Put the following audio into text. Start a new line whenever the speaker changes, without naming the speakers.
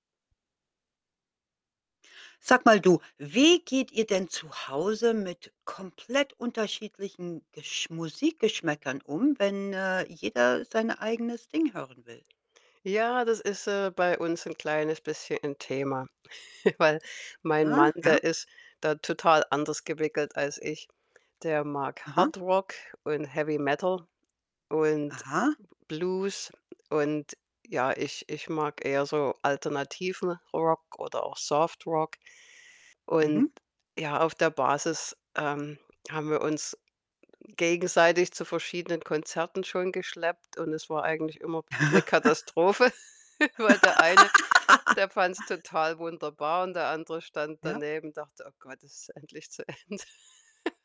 Sag mal du, wie geht ihr denn zu Hause mit komplett unterschiedlichen Geschm Musikgeschmäckern um, wenn, äh, jeder sein eigenes Ding hören will?
Ja, das ist, äh, bei uns 'n kleines bisschen 'n Thema. Weil mein
Aha,
Mann,
ja.
der ist da total anders gewickelt als ich. Der mag
Aha.
Hardrock und Heavy Metal und
Aha.
B Blues. Und, ja, ich ich mag eher so alternativen Rock oder auch Softrock. Und,
Mhm.
ja, auf der Basis, ähm, haben wir uns gegenseitig zu verschiedenen Konzerten schon geschleppt und es war eigentlich immer 'ne Katastrophe, weil der eine, der fand's total wunderbar und der andere stand
Ja.
daneben und dachte: „Oh Gott, ist es endlich zu Ende.“